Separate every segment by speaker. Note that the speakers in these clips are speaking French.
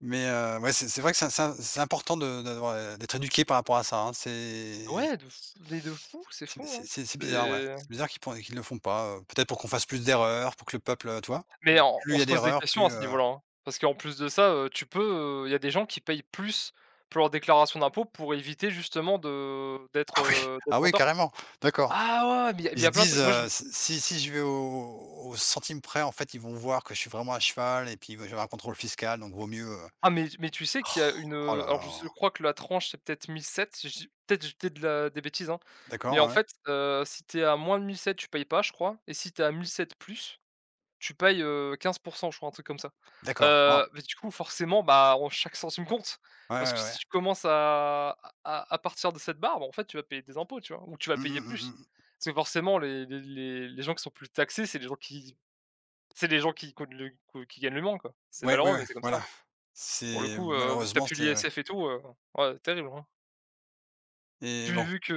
Speaker 1: Mais heu, ouais, c'est c'est vrai que c'est c'est c'est important de de d'avoir d'être éduqué par rapport à ça hein. C'est
Speaker 2: Ouais, de f mais de fou. C'est
Speaker 1: C'est
Speaker 2: font hein
Speaker 1: c'est c'est bizarre, ouais.
Speaker 2: c'est
Speaker 1: C'est bizarre qu'ils peu qu'ils le font pas, heu, peut-être pour qu'on fasse plus d'erreurs, pour que le peuple, tu vois?
Speaker 2: Mais on
Speaker 1: Plus
Speaker 2: on
Speaker 1: il y a
Speaker 2: se pose des
Speaker 1: d'erreurs,
Speaker 2: questions
Speaker 1: plus,
Speaker 2: à ce
Speaker 1: heu
Speaker 2: niveau-là, parce qu'en plus de ça, heu, tu peux, il y a des gens qui payent plus pour leur déclaration d'impôts, pour éviter justement de d'être,
Speaker 1: Ah oui!
Speaker 2: heu,
Speaker 1: Ah
Speaker 2: d'être en
Speaker 1: oui
Speaker 2: tort
Speaker 1: carrément? D'accord.
Speaker 2: ah ouais, mais il y a il
Speaker 1: Ils
Speaker 2: y
Speaker 1: se
Speaker 2: a plein de
Speaker 1: disent,
Speaker 2: trucs. Moi, je
Speaker 1: heu: «Si si si je vais au au centime près, en fait, ils vont voir que je suis vraiment à cheval et puis va je vais avoir un contrôle fiscal, donc vaut mieux, heu,
Speaker 2: Ah mais mais tu sais qu'il y a une,
Speaker 1: roh
Speaker 2: heu,
Speaker 1: là
Speaker 2: alors
Speaker 1: là!»
Speaker 2: je s je crois que la tranche c'est peut-être 1007, je dis peut-être j'étais de la des bêtises, hein, mais en
Speaker 1: D'accord, ouais.
Speaker 2: fait, heu, si tu es à moins de 1007 tu payes pas je crois et si tu es à 1007 plus, tu payes, heu, 15 % je crois un truc comme ça.
Speaker 1: D'accord. Waouh!
Speaker 2: Heu, mais du coup forcément bah on chaque centime compte
Speaker 1: Ouais,
Speaker 2: parce que
Speaker 1: ouais, ouais.
Speaker 2: si tu commences à à à partir de cette barre, bah en fait tu vas payer des impôts tu vois? Ou tu vas
Speaker 1: Mmh
Speaker 2: payer
Speaker 1: mh,
Speaker 2: plus.
Speaker 1: mmh mh.
Speaker 2: C'est forcément les les les gens qui sont plus taxés c'est les gens qui c'est des gens qui, qui ont de l g qui gagnent le moins, quoi. C'est
Speaker 1: Ouais, ouais,
Speaker 2: malheureux,
Speaker 1: ouais,
Speaker 2: mais c'est comme
Speaker 1: voilà.
Speaker 2: ça. Pour le
Speaker 1: C'est
Speaker 2: coup, vu que tu n'as
Speaker 1: malheureusement,
Speaker 2: plus
Speaker 1: c'est ouais
Speaker 2: l'ISF et tout, heu, ouais terrible, hein. Pu
Speaker 1: Et bon
Speaker 2: vu qu'il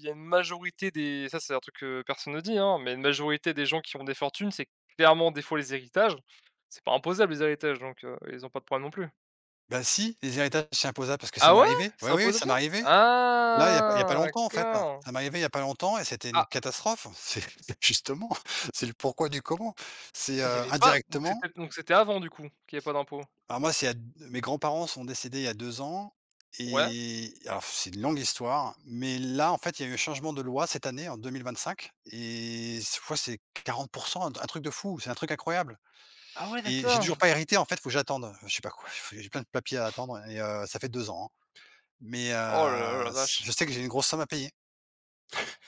Speaker 2: y a une majorité des ça c'est un truc que personne ne dit, mais une majorité des gens qui ont des fortunes, c'est clairement des fois les héritages, c'est pas imposable les héritages, donc heu, ils ont pas de problème non plus.
Speaker 1: Bah si, les héritages, c'est imposables, parce que ça
Speaker 2: Ah,
Speaker 1: m'est
Speaker 2: ouais?
Speaker 1: arrivé.
Speaker 2: C'est
Speaker 1: Ouais,
Speaker 2: un
Speaker 1: oui, oui, ça
Speaker 2: potager?
Speaker 1: m'est arrivé. Là, il y a pas il y a pas
Speaker 2: Ah,
Speaker 1: longtemps, en fait.
Speaker 2: d'accord!
Speaker 1: Ça m'est arrivé, il y a pas longtemps, et c'était une
Speaker 2: Ah!
Speaker 1: catastrophe. C'est c'est justement, c'est le pourquoi du comment. C'est,
Speaker 2: Il y
Speaker 1: heu,
Speaker 2: avait pas, donc
Speaker 1: indirectement
Speaker 2: c'était donc c'était avant, du coup, qu'il y avait pas d'impôts?
Speaker 1: Alors moi, c'est il y a d mes grands-parents sont décédés il y a 2 ans
Speaker 2: Ouais.
Speaker 1: et alors c'est une longue histoire, mais là en fait, il y a eu changement de loi cette année en 2025 et c je crois que c'est 40 % un t truc de fou, c'est un truc incroyable
Speaker 2: Ah, ouais,
Speaker 1: et j'ai
Speaker 2: d'accord!
Speaker 1: toujours pas hérité en fait, faut que j'attende, je sais pas quoi, j'ai plein de papiers à attendre et heu, ça fait 2 ans, hein, mais
Speaker 2: Oh là là, la
Speaker 1: heu,
Speaker 2: vache!
Speaker 1: je sais que j'ai une grosse somme à payer.